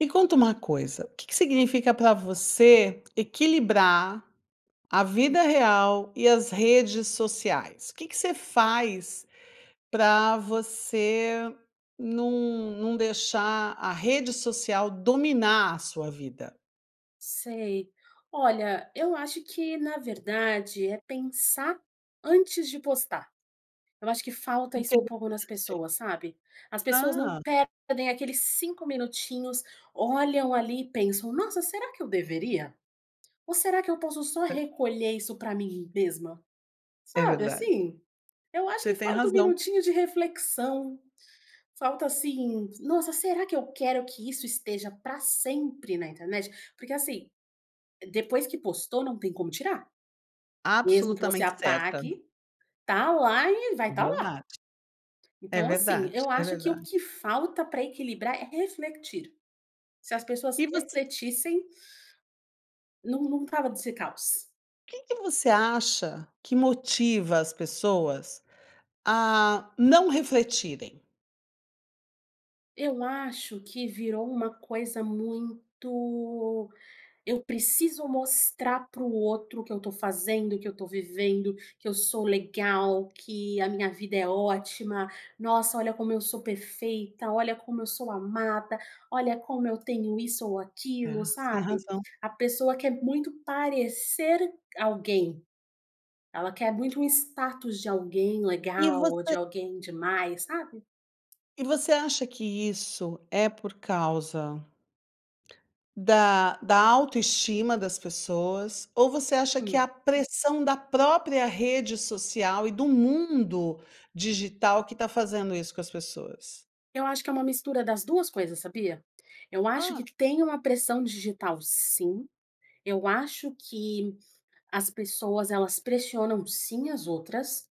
Me conta uma coisa. O quê que significa pra você, equilibrar a vida Sim. real e as redes sociais? O quê que você faz pra você num num deixar a rede social dominar a sua vida? Sei. Olha, eu acho que na verdade, é pensar antes de postar. Eu acho que falta isso um Entendo [unintelligible] pouco nas pessoas, sabe. As pessoas não Ah. perdem aqueles 5 minutinhos, olham ali e pensam: "Nossa, será que eu deveria? Ou será que eu posso só É. recolher isso pra mim mesma?". É Sabe verdade. assim? Eu acho Você que tem falta um razão. minutinho de reflexão. Falta assim: "Nossa, será que eu quero que isso esteja pra sempre na internet?". Porque assim, depois que postou, não tem como tirar, mesmo que você Absolutamente certa! apague, tá lá e vai É tá lá! verdade, é Então assim, verdade, eu é acho que o verdade. que falta pra equilibrar é refletir se as pessoas E você? refletissem num num tava nesse caos. O que que você acha que motiva as pessoas a não refletirem? Eu acho que virou uma coisa muito: eu preciso mostrar para o outro, que eu tô fazendo, que eu tô vivendo, que eu sou legal, que a minha vida é ótima, nossa olha como eu sou perfeita, olha como eu sou amada, olha como eu tenho isso ou É, aquilo, você tem sabe, razão. a pessoa quer muito parecer alguém. Ela quer muito um status de alguém E legal ou você de alguém demais, sabe? E você acha que isso é por causa da da autoestima das pessoas, ou você acha que é Hum. a pressão da própria rede social e do mundo digital que tá fazendo isso com as pessoas? Eu acho que é uma mistura das duas coisas, sabia? Eu acho Hã. que tem uma pressão digital sim, eu acho que as pessoas elas pressionam sim as outras,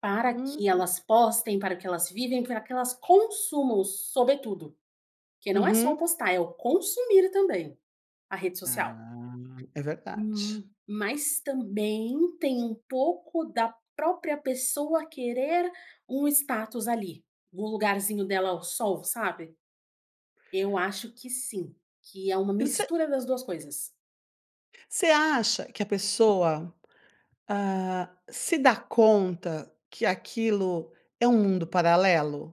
para que Uhum. elas postem, para que elas vivem, pra que elas consumam, sobretudo, porque não é só o Uhum. postar, é o consumir também a rede social. Ah, é verdade. Hum, mas também tem um pouco da própria pessoa querer um status ali, um lugarzinho dela ao sol, sabe, eu acho que sim, que é uma E você mistura das duas coisas. Você acha que a pessoa, hã, se dá conta que aquilo é um mundo paralelo?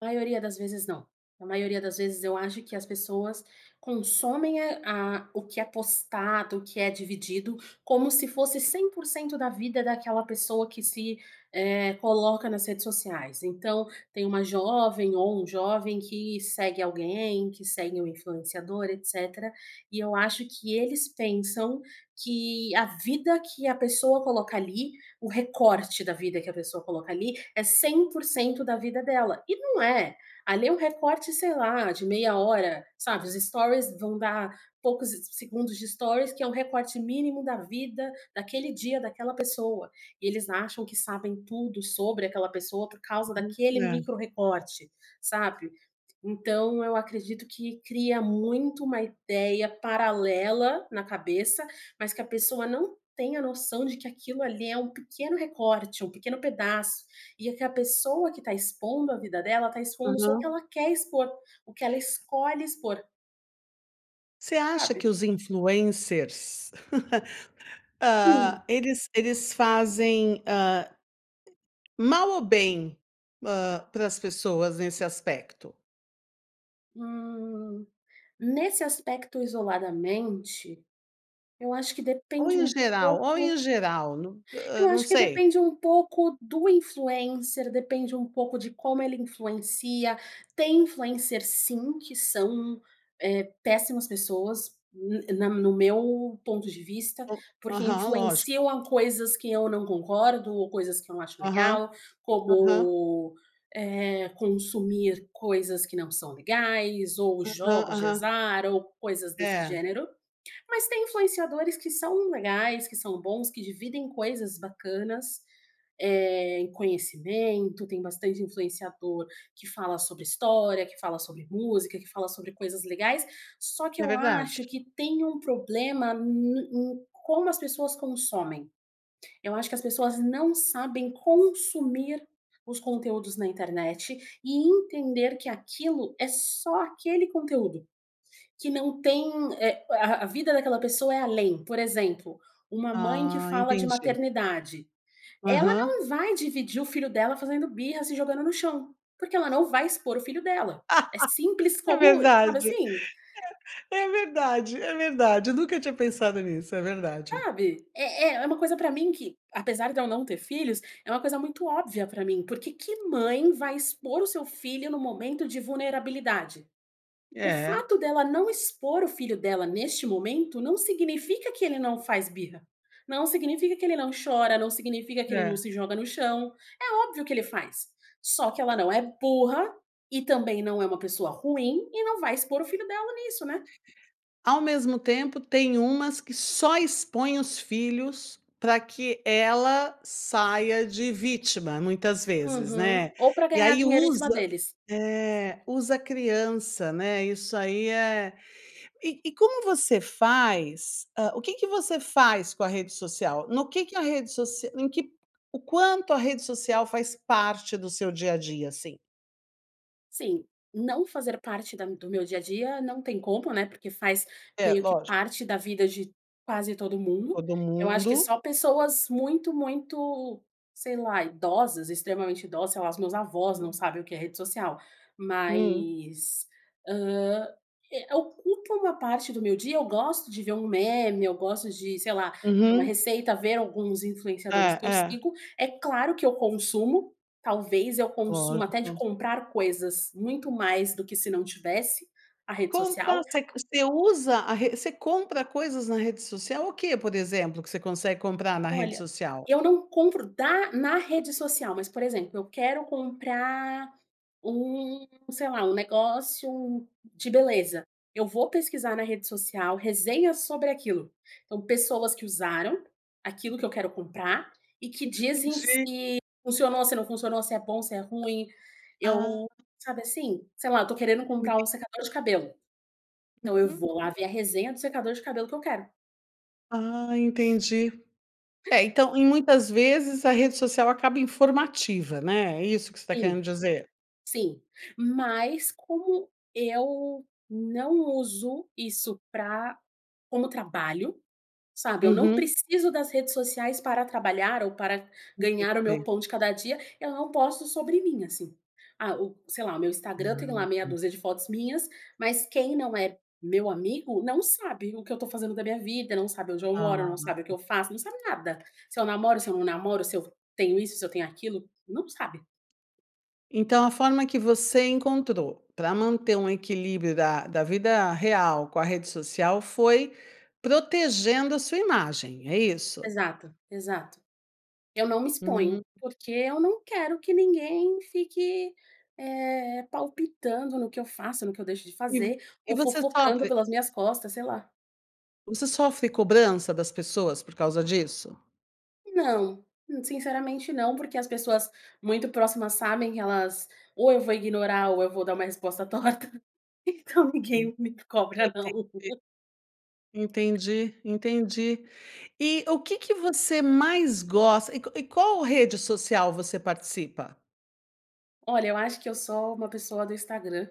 Maioria das vezes não, na maioria das vezes eu acho que as pessoas consomem, eh, a o que é postado, o que é dividido como se fosse 100% da vida daquela pessoa que se, eh, coloca nas redes sociais. Então, tem uma jovem ou um jovem que segue alguém, que segue um influenciador, etc. E eu acho que eles pensam que a vida que a pessoa coloca ali, o recorte da vida que a pessoa coloca ali é 100% da vida dela e não é! Ali é um recorte, sei lá, de meia hora, sabe os stories vão dar poucos se se segundos de stories que é um recorte mínimo, da vida, daquele dia, daquela pessoa. Eles acham que sabem tudo sobre aquela pessoa por causa daquele [unintelligible] micro-recorte, sabe? Então, eu acredito que cria muito uma ideia paralela na cabeça, mas que a pessoa não tem a noção de que aquilo ali é um pequeno recorte, um pequeno pedaço e aquela pessoa que tá expondo a vida dela, tá expondo só o que Uhum. ela quer expor, o que ela escolhe expor. Você acha que Sabe? os influencers, ah, Sim. eles eles fazem, hã mal ou bem, hã, para as pessoas nesse aspecto? Hum. Nesse aspecto isoladamente, eu acho que Ou depende em um geral ou em pouco geral? No eu ah, não acho que sei. depende um pouco do influencer, depende um pouco de como ele influencia. Tem influencer sim, que são, eh, péssimas pessoas, na no no meu ponto de vista, Ou porque Aham, lógico. influenciam a coisas que eu não concordo ou coisas que eu não acho Aham. legal, Aham. como, eh, consumir coisas que não são legais ou Aham. jogos de Aham. azar, ou coisas desse É. gênero. Mas tem influenciadores que são legais, que são bons, que dividem coisas bacanas, eh, em conhecimento, tem bastante influenciador que fala sobre história, que fala sobre música, que fala sobre coisas legais. Só que É eu verdade. acho que tem um problema no no em como as pessoas consomem. Eu acho que as pessoas não sabem consumir os conteúdos na internet e entender que aquilo é só aquele conteúdo, que não tem, eh, a a vida daquela pessoa é além. Por exemplo, uma mãe que Ah, fala de entendi. maternidade. Ela Aham. não vai dividir o filho dela fazendo birra se jogando no chão, porque ela não vai expor o filho dela. É simples É como sabe verdade, assim? eh, é verdade, é verdade, eu nunca tinha pensado nisso, é verdade. Sabe? É é é uma coisa pra mim que, apesar de eu não ter filhos, é uma coisa muito óbvia pra mim. Por que que mãe vai expor o seu filho num momento de vulnerabilidade? O É. fato dela não expor o filho dela neste momento não significa que ele não faz birra, não significa que ele não chora, não significa que ele não É. se joga no chão. É óbvio que ele faz, só que ela não é burra e também não é uma pessoa ruim e não vai expor o filho dela nisso, né? Ao mesmo tempo tem umas que só expõem os filhos pra que ela saia de vítima muitas vezes, Uhum. né? Ou pra E ganhar aí dinheiro em cima usa, deles. eh, usa a criança, né? Isso aí é e e como você faz, ah, o que que você faz com a rede social, no que que a rede social em que o quanto a rede social faz parte do seu dia-a-dia, assim? Sim, não fazer parte da do meu dia-a-dia não tem como, né, porque faz É, meio que lógico. parte da vida de quase todo mundo. Todo Eu acho que mundo. só pessoas muito, muito, sei lá, idosas, extremamente idosa, sei lá, as meus avós não [unintelligible] sabem o que é rede social, Hum. mas, hã, eh, ocupa uma parte do meu dia, eu gosto de ver um meme, eu gosto de, sei lá, ver uma Uhum. receita, ver alguns influenciadores É, que eu é. sigo. É claro que eu consumo, talvez eu consuma até de Lógico. comprar coisas, muito mais do que se não tivesse a rede Comprar social. você você usa a re você compra coisas na rede social? O que, por exemplo, que você consegue comprar na rede Olha, social? eu não compro da na rede social, mas por exemplo, eu quero comprar um, sei lá, um negócio de beleza. Eu vou pesquisar na rede social resenhas sobre aquilo. Então pessoas que usaram, aquilo que eu quero comprar, e que dizem Entendi. se funcionou, se não funcionou, se é bom, se é ruim. Ah. Eu sabe assim, sei lá, eu tô querendo comprar [unintelligible] um secador de cabelo. Então eu Uhum. vou lá ver a resenha do secador de cabelo que eu quero. Ah entendi, é então em muitas vezes a rede social acaba informativa, né, é isso que você está querendo Sim, dizer? sim, mas como eu não uso isso pra como trabalho, sabe eu não Uhum. preciso das redes sociais para trabalhar ou para ganhar o meu Entendi. pão de cada dia, eu não posto sobre mim assim, ah o, sei lá, o meu Instagram Ah tem lá meia tá. dúzia de fotos minhas, mas quem não é meu amigo não sabe o que eu estou fazendo da minha vida, não sabe onde eu moro, Ah. não sabe o que eu faço, não sabe nada, se eu namoro, se eu não namoro, se eu f tenho isso, se eu tenho aquilo, não sabe. Então a forma que você encontrou pra manter um equilíbrio da da vida real com a rede social foi protegendo a sua imagem, é isso? Exato, exato. Eu não me exponho Hum. porque eu não quero que ninguém fique, eh, palpitando no que eu faça, no que eu deixo de E vo fazer. e Ou você fofocando sofre pelas minhas costas, sei lá. você sofre cobrança das pessoas por causa disso? Não. Hum. Sinceramente não, porque as pessoas muito próximas sabem que elas ou eu vou ignorar, ou eu vou dar uma resposta torta, então Pra mim ninguém me sei, cobra, não. sei ,sei. Entendi, entendi. E o quê que você mais gosta? E qua e qual rede social você participa? Olha, eu acho que eu sou uma pessoa do Instagram.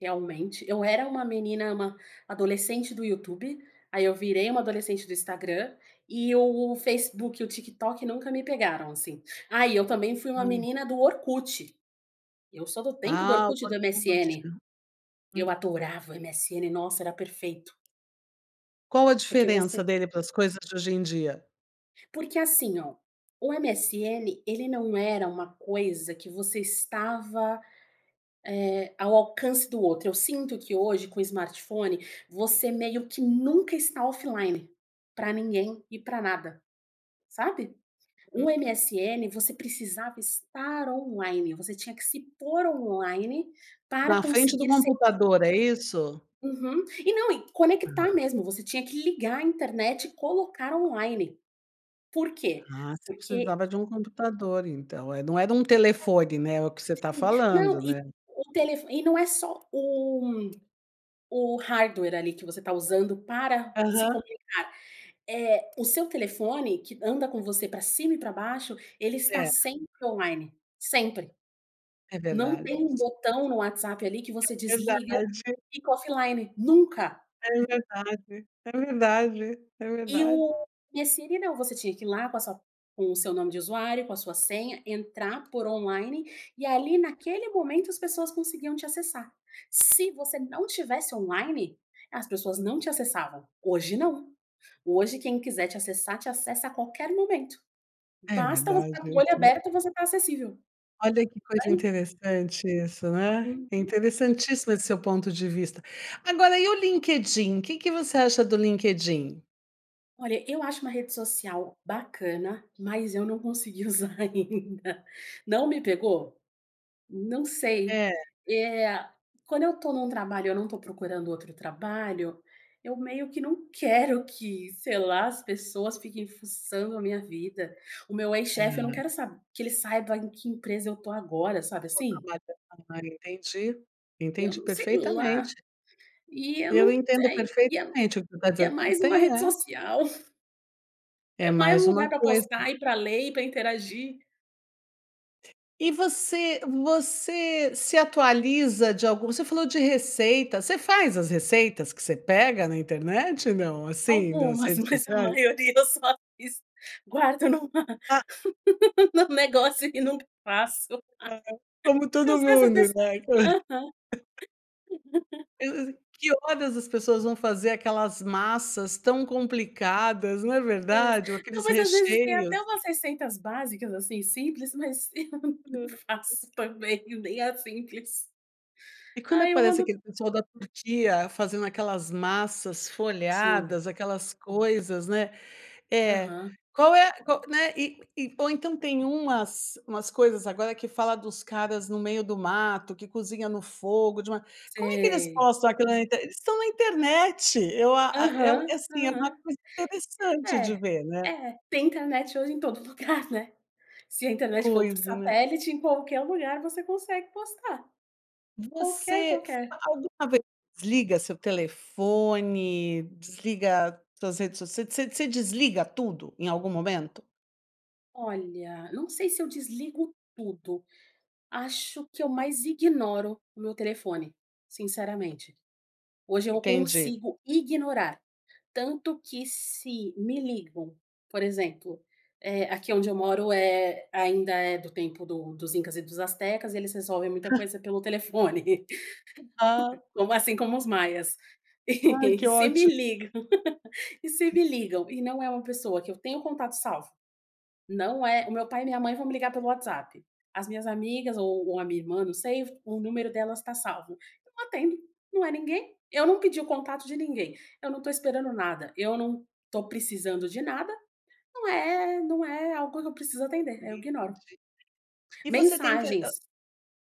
Realmente eu era uma menina, uma adolescente do YouTube. Aí eu virei uma adolescente do Instagram e o Facebook e o TikTok nunca me pegaram, assim. Ah, e eu também fui uma Hum. menina do Orkut. Eu só dou tempo do Ah, o Orkut e do Orkut. MSN. Uhum. Eu adorava o MSN, nossa era perfeito. Qual a Porque diferença você dele para as coisas de hoje em dia? Porque assim ó, o MSN, ele não era uma coisa que você estava, eh, ao alcance do outro. Eu sinto que hoje, com o smartphone, você meio que nunca está offline, pra ninguém e pra nada, sabe? O Uhum. MSN, você precisava estar online, você tinha que se pôr online para Na frente do conseguir se computador, é isso? Uhum. E não, e Ah. conectar mesmo, você tinha que ligar a internet e colocar online, por quê? Ah, você Porque precisava de um computador então, eh, não era um telefone, né? É o que você tá Sim. Não, falando, eh, né? o telefo e não é só o o hardware ali, que você tá usando para se Aham. comunicar, é o seu telefone que anda com você pra cima e pra baixo, ele está É. sempre online, sempre, É não verdade tem um isso. botão no WhatsApp ali que você É desliga verdade. e fica offline, nunca! É verdade! É verdade! É E verdade! o MSN não, você tinha que ir lá, com sua com o seu nome de usuário, com a sua senha, entrar, pôr online e ali, naquele momento as pessoas conseguiam te acessar. Se você não tivesse online, as pessoas não te acessavam. Hoje não. Hoje quem quiser te acessar, te acessa a qualquer momento, É basta você verdade, tá com o olho isso. aberto e você tá acessível. Olha que coisa Tem interessante isso, né. Uhum. Interessantíssimo esse seu ponto de vista. Agora, e o LinkedIn, o que que você acha do LinkedIn? Olha, eu acho uma rede social bacana, mas eu não consegui usar ainda. Não, me pegou. Não sei. É. É, quando eu tô num trabalho eu não tô procurando outro trabalho, eu meio que não quero que, sei lá, as pessoas fiquem fuçando a minha vida. O meu ex-chefe eu não Aham. quero sab que ele saiba em que empresa eu tô agora, sabe, Qual assim? trabalho [unintelligible] Entendi, Eu entendi não sei lá. perfeitamente. E eu Eu não entendo tenho e eu perfeitamente o que tu tá é dizendo, tu mais uma tem rede É. social. É É mais mais um uma lugar para coisa. postar, e para ler, e para interagir. E você você se atualiza de alguma você falou de receita, você faz as receitas que você pega na internet, não? Assim, das Algumas, redes mas a sociais? maioria eu só fiz, guardo numa Ah. no negócio e não faço, Ah, como eu todo sou essa mundo, pessoa. né? Aham. Eu eu que horas as pessoas vão fazer aquelas massas tão complicadas não é Pois, verdade, ou não, aqueles mas às vezes tem recheios? até umas receitas básicas assim simples, mas eu não Aham. faço também nem a simples. E quando Aí eu aparece ando aquele pessoal da Turquia fazendo aquelas massas Sim. folhadas aquelas coisas, né? É, Aham. qual é qual, né, e e ou então tem umas umas coisas agora que fala dos caras no meio do mato que cozinha no fogo de uma Como é que eles Sei. postam aquilo na internet? Eles estão na internet eu a a eu Aham, assim é uma aham. coisa interessante de É, ver, né? é, tem internet hoje em todo lugar, né? Se a internet for por Coisa, né? satélite, em qualquer lugar você consegue postar. Qualquer, Você fa qualquer. alguma vez desliga o seu telefone, desliga suas redes sociais, você des você desliga tudo, em algum momento? Olha, não sei se eu desligo tudo. Acho que eu mais ignoro o meu telefone, sinceramente. Hoje eu Entendi. consigo ignorar, tanto que se me ligam, por exemplo, eh, aqui onde eu moro eh, ainda é do tempo do dos incas e dos astecas, e eles resolvem muita coisa pelo telefone. Ah. Como assim como os maias. Ai, E que se me óti ligam e se me ligam e não é uma pessoa que eu tenho o contato salvo, não é, o meu pai e minha mãe vão me ligar pelo WhatsApp, as minhas amigas ou ou a minha irmã, não sei, o número delas tá salvo. Eu não atendo, não é ninguém, eu não pedi o contato de ninguém, eu não tô esperando nada, eu não tô precisando de nada, não é não é algo que eu preciso atender, eu Entendi. ignoro. E você tem intere hã... Mensagens,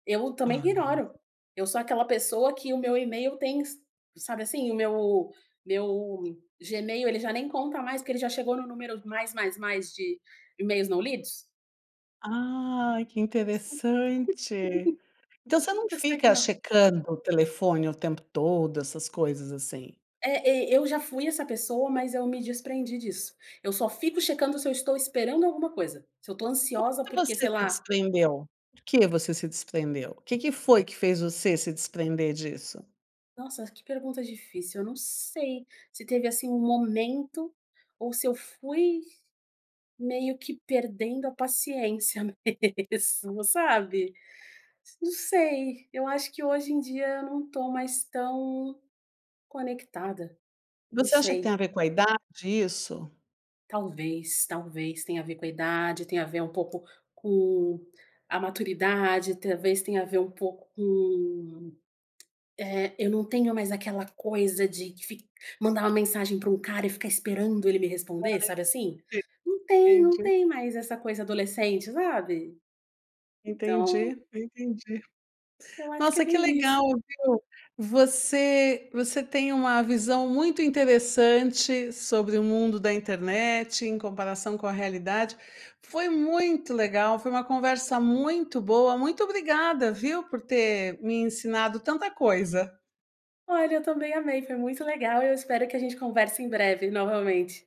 eu também Aham. ignoro. Eu sou aquela pessoa que o meu email tem s sabe assim? O meu meu Gmail, ele já nem conta mais, que ele já chegou num número mais mais mais de emails não lidos. Ai, que interessante! Então você não Eu só fica ignoro. checando o telefone o tempo todo, essas coisas assim? É, e eu já fui essa pessoa, mas eu me desprendi disso. Eu só fico checando se eu estou esperando alguma coisa, se eu estou Por ansiosa que porque você sei se lá desprendeu? Por que você se desprendeu? O que que foi que fez você se desprender disso? Nossa, que pergunta difícil. Eu não sei, se teve assim um momento ou se eu fui meio que perdendo a paciência mesmo, sabe? Não sei. Eu acho que hoje em dia eu não tô mais tão conectada. Não Você acha que tem sei. a ver com a idade isso? Talvez, talvez tenha a ver com a idade, tenha a ver um pouco com a maturidade, talvez tenha a ver pouco com, eh, eu não tenho mais aquela coisa de fic mandar uma mensagem pra um cara e ficar esperando ele me Ai sei, responder, sabe assim? [unintelligible] Não tem, não entendi. tem mais essa coisa adolescente, sabe? Então Entendi, entendi. eu acho que é Nossa que meio legal, isso. viu, você você tem uma visão muito interessante sobre o mundo da internet em comparação com a realidade. Foi muito legal, foi uma conversa muito boa, muito obrigada, viu, por ter me ensinado tanta coisa. Olha, eu também amei. Foi muito legal, e eu espero que a gente converse em breve novamente.